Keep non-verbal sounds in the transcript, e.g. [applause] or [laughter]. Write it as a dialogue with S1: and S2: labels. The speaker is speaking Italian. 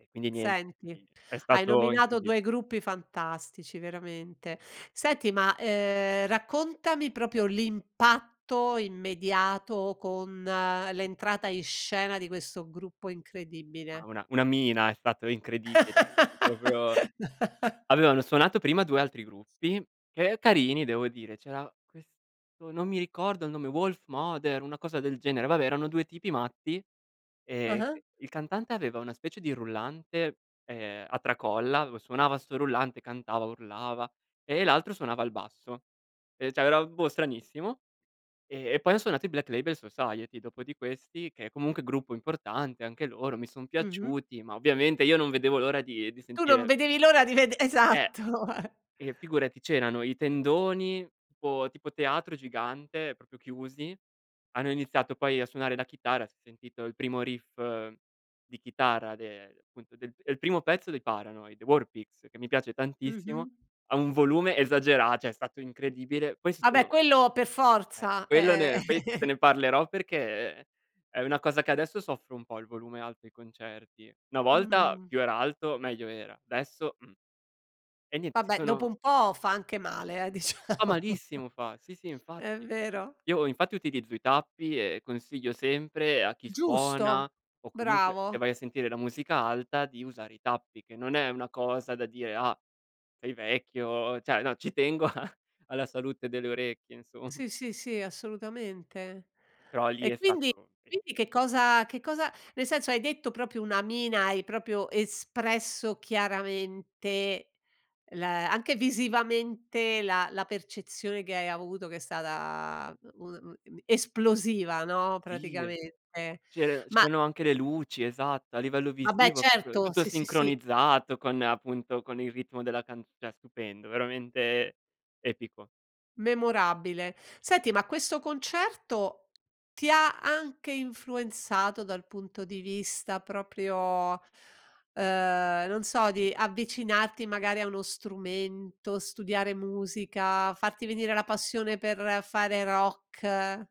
S1: E, quindi nient,
S2: Senti,
S1: [unintelligible] è
S2: hai
S1: stato
S2: nominato 2
S1: incredibi
S2: gruppi fantastici veramente. Senti, ma, ehm, raccontami proprio l'impatto immediato con l'entrata in scena di questo gruppo
S1: No,
S2: incredibile.
S1: una una mina, è stato incredibile. No, è proprio
S2: [laughs]
S1: Allora, hanno suonato prima 2 altri gruppi, che carini devo dire, c'era questo non mi ricordo il nome, Wolfmother, una cosa del genere, vabbè, erano 2 tipi matti, ehm,
S2: Ah-ah.
S1: c il cantante aveva una specie di rullante, ehm, a tracolla, avev suonava 'sto rullante, cantava, urlava, e l'altro suonava il basso, e cioè, era, boh, stranissimo e e poi han suonato i Black Label Society, dopo di questi che è comunque gruppo importante, anche loro mi son
S2: Mh-mh.
S1: piaciuti, ma ovviamente io non vedevo l'ora di di
S2: Tu non
S1: sentire
S2: vedevi l'ora di ved
S1: Eh!
S2: esatto. [chuckles]
S1: E, figurati c'erano i tendoni tipo tipo teatro gigante, proprio chiusi, hanno iniziato poi a suonare la chitarra, si è sentito il primo riff di chitarra de appunto, del il primo pezzo dei Paranoid, War Pigs, che mi piace tantissimo,
S2: Mh-mh.
S1: a un volume esagera cioè è stato incredibile.
S2: Ah,
S1: Questo
S2: beh,
S1: no
S2: quello pe
S1: Eh,
S2: forza,
S1: quello
S2: ehm
S1: ne poi te
S2: [chuckles]
S1: ne parlerò perché è una cosa che adesso soffro un po' il volume alto ai concerti. Una volta
S2: Mh.
S1: più era alto meglio era, adesso mh. E niente si
S2: Vabbè, dopo
S1: sono
S2: un po' fa anche male, eh, diciamo.
S1: Fa
S2: [chuckles]
S1: malissimo fa. Sì, sì
S2: È
S1: infatti.
S2: vero.
S1: Io infatti utilizzo i tappi, e consiglio sempre a chi suona,
S2: Giusto!
S1: o comunque se
S2: Bravo.
S1: vai a sentire la musica alta, di usare i tappi che non è una cosa da dire: "Ah sei vecchio", cioè, no, ci tengo a alla salute delle orecchie, insomm
S2: Sì, sì, sì, assolutamente.
S1: Però, lì
S2: E,
S1: è
S2: quindi
S1: stato Sì.
S2: quindi che cosa che cosa nel senso hai detto proprio una mina, hai proprio espresso chiaramente l anche visivamente la la percezione che hai avuto che è stata,, [unintelligible] esplosiva, no,
S1: Sì.
S2: praticamente.
S1: C'er
S2: Ma,
S1: c'erano anche
S2: uhm
S1: le luci, esatto, a livello
S2: Vabbè,
S1: visivo, proprio
S2: certo.
S1: tutto
S2: Sì, sì, sì.
S1: sincronizzato con appunto, con il ritmo della can cioè, stupendo, veramente epico.
S2: Memorabile. Senti, ma questo concerto ti ha anche influenzato dal punto di vista proprio, uhm, non so, di avvicinarti magari a uno strumento, studiare musica, farti venire la passione per fare rock?